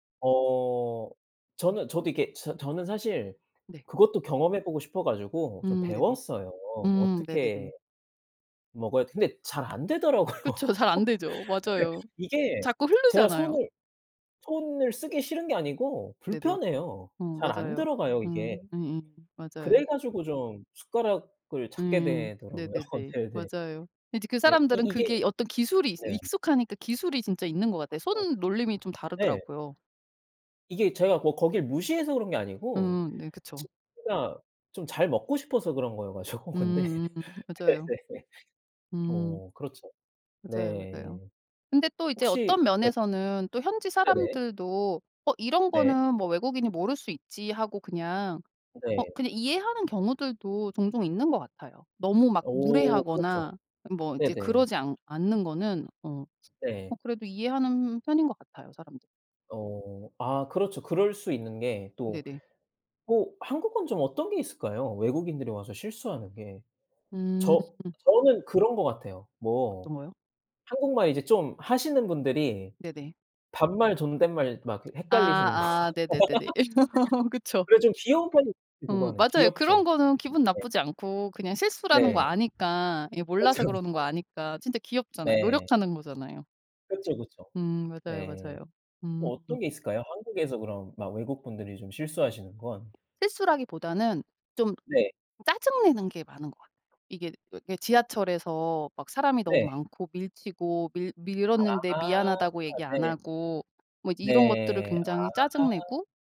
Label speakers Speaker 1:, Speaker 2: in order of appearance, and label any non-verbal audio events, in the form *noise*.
Speaker 1: 어 저는 저도 이렇게 저 저는 사실
Speaker 2: 네.
Speaker 1: 그것도 경험해 보고 싶어 가지고 좀
Speaker 2: 음 네네.
Speaker 1: 배웠어요.
Speaker 2: 음 네네네.
Speaker 1: 어떻게 먹어야 근데 잘 안되더라고요. 근데
Speaker 2: 그쵸. 잘 안되죠. 맞아요.
Speaker 1: 이게
Speaker 2: 자꾸
Speaker 1: 제가
Speaker 2: 흐르잖아요.
Speaker 1: 손을, 손을 쓰기 싫은 게 아니고
Speaker 2: 네네.
Speaker 1: 불편해요.
Speaker 2: 어
Speaker 1: 잘 안
Speaker 2: 맞아요.
Speaker 1: 들어가요 이게.
Speaker 2: 음 이잉.
Speaker 1: 그래
Speaker 2: 맞아요.
Speaker 1: 가지고 좀 숟가락을 찾게
Speaker 2: 음.
Speaker 1: 되더라고요.
Speaker 2: 네네네.
Speaker 1: 네네.
Speaker 2: 맞아요. 이제 그
Speaker 1: 네. 이
Speaker 2: 사람들은
Speaker 1: 이게
Speaker 2: 그게 어떤 기술이 이
Speaker 1: 네.
Speaker 2: 익숙하니까 기술이 진짜 있는 것 같아요.
Speaker 1: 그쵸.
Speaker 2: 손놀림이 좀
Speaker 1: 네.
Speaker 2: 다르더라고요.
Speaker 1: 이게 제가 뭐 거길 무시해서 그런 게 아니고
Speaker 2: 음 네 그쵸.
Speaker 1: 진짜 좀 잘 먹고 싶어서 그런 거여 가지고 근데.
Speaker 2: 음음. 맞아요.
Speaker 1: *laughs*
Speaker 2: 음.
Speaker 1: 어 그렇죠.
Speaker 2: 맞아요, 맞아요.
Speaker 1: 네.
Speaker 2: 근데 또 이제
Speaker 1: 혹시
Speaker 2: 어떤
Speaker 1: 네.
Speaker 2: 면에서는 또 현지
Speaker 1: 네네.
Speaker 2: 사람들도 '어 이런
Speaker 1: 네.
Speaker 2: 거는 뭐 외국인이 모를 수 있지.' 하고 그냥 어
Speaker 1: 네.
Speaker 2: 그냥 이해하는 경우들도 종종 있는 것 같아요. 너무 막
Speaker 1: 오 그렇죠.
Speaker 2: 무례하거나 뭐 이제
Speaker 1: 네네.
Speaker 2: 그러지 않 않는 거는 어
Speaker 1: 네.
Speaker 2: 어 그래도 이해하는 편인 것 같아요 사람들이.
Speaker 1: 어. 아 그렇죠. 그럴 수 있는 게 또
Speaker 2: 네네.
Speaker 1: 오 한국은 좀 어떤 게 있을까요, 외국인들이 와서 실수하는 게?
Speaker 2: 음.
Speaker 1: 저 저는 그런 것 같아요. 뭐
Speaker 2: 어떤 거요?
Speaker 1: 한국말 이제 좀 하시는 분들이
Speaker 2: 네네.
Speaker 1: 반말 존댓말 막 그 헷갈리시는 거.
Speaker 2: 아 아 네네네네. *laughs*
Speaker 1: *laughs*
Speaker 2: 그쵸.
Speaker 1: 그래 좀 귀여운 편이죠
Speaker 2: 어
Speaker 1: 그거는.
Speaker 2: 맞아요. 그런
Speaker 1: 귀엽죠.
Speaker 2: 거는 기분
Speaker 1: 네.
Speaker 2: 나쁘지 않고 그냥 실수라는 거
Speaker 1: 네.
Speaker 2: 아니까 이게
Speaker 1: 그쵸,
Speaker 2: 몰라서 그러는 거
Speaker 1: 그쵸.
Speaker 2: 아니까 진짜 귀엽잖아요.
Speaker 1: 네.
Speaker 2: 노력하는 거잖아요.
Speaker 1: 그쵸, 그쵸.
Speaker 2: 음 맞아요,
Speaker 1: 네.
Speaker 2: 맞아요. 음.
Speaker 1: 또 어떤 게 있을까요, 한국에서 그럼 막 외국 분들이 좀 실수하시는 건?
Speaker 2: 실수라기보다는 좀
Speaker 1: 네.
Speaker 2: 짜증 내는 게 많은 것 같아요. 이게 그 지하철에서 막 사람이 너무
Speaker 1: 네.
Speaker 2: 많고 밀치고 밀
Speaker 1: 아
Speaker 2: 밀었는데 "미안하다."고 얘기 안
Speaker 1: 네.
Speaker 2: 하고 뭐 이제 이런 것들을
Speaker 1: 네
Speaker 2: 굉장히 짜증
Speaker 1: 아.
Speaker 2: 내고